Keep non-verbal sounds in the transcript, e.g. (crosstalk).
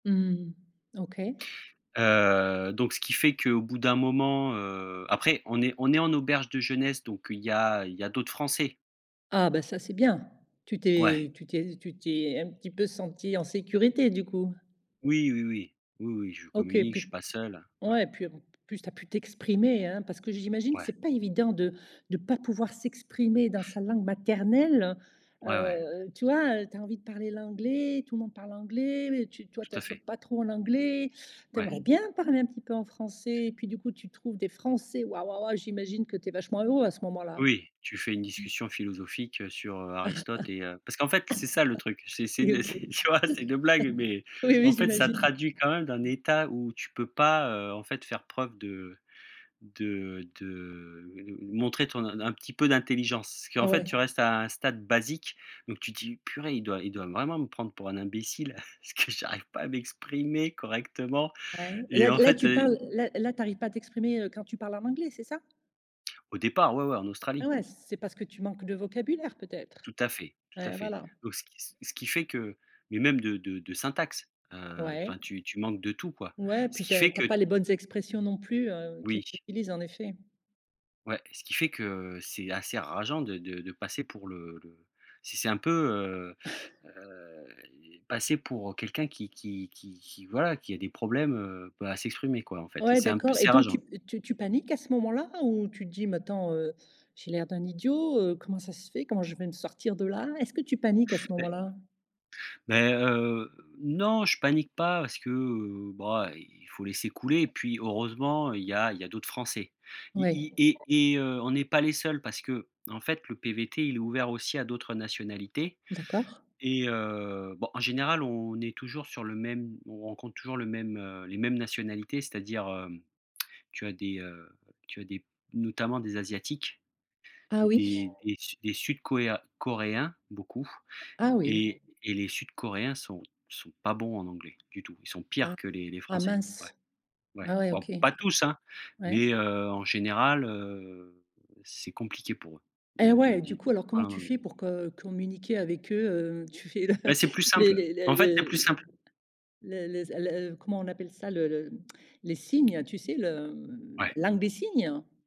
Mmh. OK. Heu, donc ce qui fait que au bout d'un moment, heu, après on est on est en auberge de jeunesse, donc il y a il y a d'autres Français. Ah bah ça c'est bien. Tu Ouais. t'es tu t'es tu t'es un petit peu senti en sécurité, du coup? Oui, oui, oui, oui, oui, je OK communique je puis suis pas seul, ouais. ouais, puis plus, tu as pu t'exprimer, hein. Parce que j'imagine que Ouais. c'est pas évident de de pas pouvoir s'exprimer dans sa langue maternelle. Ouais, ouais. Heu, tu vois, tu as envie de parler l'anglais, tout le monde parle anglais, tu toi tu Tout à assures fait. pas trop en anglais, tu Ouais. aimerais bien parler un petit peu en français et puis du coup tu trouves des Français waouh waouh, ouais, j'imagine que tu es vachement heureux à ce moment-là. Oui tu fais une Mmh. discussion philosophique sur Aristote et heu parce qu'en fait, c'est ça le truc, (laughs) c'est c'est (coughs) une OK. (laughs) tu vois, c'est une blague, mais, Oui. en Oui, fait, ça j'imagine. traduit quand même d'un Mmh. état où tu peux pas en fait faire preuve de de de montrer ton un petit peu d'intelligence. Ce qu'en fait Ouais. tu restes à un stade basique, donc tu dis: «Il doit il doit vraiment me prendre pour un imbécile, (chuckles) parce que j'arrive pas à m'exprimer correctement» Ouais. et Là en là fait tu et parles là là tu arrives pas à t'exprimer, heu, quand tu parles en anglais, c'est ça? Au départ, ouais, ouais, en Ah Australie. ouais, c'est parce que tu manques de vocabulaire peut-être. Tout à fait, tout à Ouais, fait. voilà. Donc ce qui ce qui fait que mais même de de de syntaxe. Heu, Ouais. enfin, tu tu manques de tout quoi. Ouais Ce puis tu qui as fait tu que as pas les bonnes expressions non plus, heu, qu'ils Oui. utilisent, en effet. Ouais, ce qui fait que c'est assez rageant de de de passer pour le le si c'est un peu, heu, (chuckles) heu, passer pour quelqu'un qui qui qui qui, voilà, qui a des problèmes à s'exprimer quoi. En fait Ouais, c'est un peu d'accord et c'est donc tu rageant. tu tu paniques à ce moment-là ou tu te dis maintenant, heu: «J'ai l'air d'un idiot, heu, comment ça se fait? Comment je vais me sortir de là?» Est-ce que tu paniques à ce Mais moment-là? mais, heu, non je panique pas, parce que, bah il faut laisser couler et puis heureusement il y a il y a d'autres Français Oui. et et on est pas les seuls parce qu'en fait le PVT, il est ouvert aussi à d'autres nationalités D'accord. et heu bon, en général on est toujours sur le même on rencontre toujours le même les mêmes nationalités, c'est-à-dire, tu as des tu as des notamment des Asiatiques, Ah oui. des des des Su Sud-Coéens Coréens, beaucoup Ah oui. et et les Sud-Coréens sont sont pas bons en anglais du tout. Ils sont pires Ah. que les les Ah Français. Ouais, mince. ouais, Ah ouais, bon OK, pas tous, hein, ouais. mais, heu, en général, heu, c'est compliqué pour eux, Et de de ouais, du di coup alors comment parler en tu anglais. fais pour co communiquer avec eux, heu, tu fais Mais c'est plus les simple, les les en fait, c'est les plus simple. les les s les comment on appelle ça? Le le les signes, tu sais, le Ouais. langue des signes?